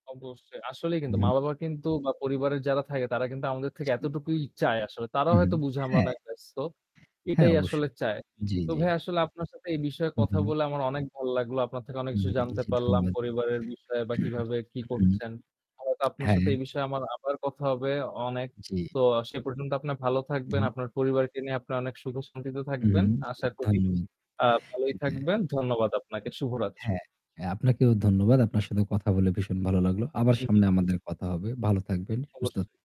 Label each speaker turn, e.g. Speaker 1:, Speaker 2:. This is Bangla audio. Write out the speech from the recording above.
Speaker 1: অবশ্যই। আসলেই কিন্তু
Speaker 2: উম-হুম।
Speaker 1: মা-বাবা কিন্তু বা পরিবারের যারা থাকে, তারা কিন্তু আমাদের থেকে
Speaker 2: জি।
Speaker 1: এতটুকুই চায় আসলে। তারা
Speaker 2: হু, হু,
Speaker 1: হয়তো বুঝে, আমরা
Speaker 2: হ্যাঁ।
Speaker 1: অনেক ব্যস্ত।
Speaker 2: হ্যাঁ,
Speaker 1: এটাই
Speaker 2: অবশ্যই।
Speaker 1: আসলে চায়।
Speaker 2: জ্বী,
Speaker 1: তো
Speaker 2: জ্বী।
Speaker 1: ভাই আসলে আপনার সাথে এই বিষয়ে
Speaker 2: হু,
Speaker 1: কথা
Speaker 2: হু।
Speaker 1: বলে আমার অনেক ভাল্লাগলো, আপনার থেকে অনেক কিছু
Speaker 2: উম-হুম
Speaker 1: জানতে
Speaker 2: জ্বী,
Speaker 1: পারলাম,
Speaker 2: ধন্যবাদ।
Speaker 1: পরিবারের বিষয়ে বা কিভাবে কি
Speaker 2: হুম
Speaker 1: করছেন। হয়তো আপনার সাথে
Speaker 2: হ্যাঁ।
Speaker 1: এই বিষয়ে আমার আবার কথা হবে অনেক।
Speaker 2: জ্বী।
Speaker 1: তো আ সে পর্যন্ত আপনি ভালো থাকবেন।
Speaker 2: হুম।
Speaker 1: আপনার পরিবারকে নিয়ে আপনি অনেক সুখ শান্তিত থাকবেন।
Speaker 2: মহুম,
Speaker 1: আশা করি,
Speaker 2: ধন্যবাদ।
Speaker 1: আ ভালোই
Speaker 2: হ্যাঁ।
Speaker 1: থাকবেন। ধন্যবাদ আপনাকে। শুভরাত্রি।
Speaker 2: হ্যাঁ, এ আপনাকেও ধন্যবাদ। আপনার সাথে কথা বলে ভীষণ ভালো লাগলো। আবার
Speaker 1: হু, হু।
Speaker 2: সামনে আমাদের কথা হবে। ভালো থাকবেন, সুস্থ
Speaker 1: অবশ্যই।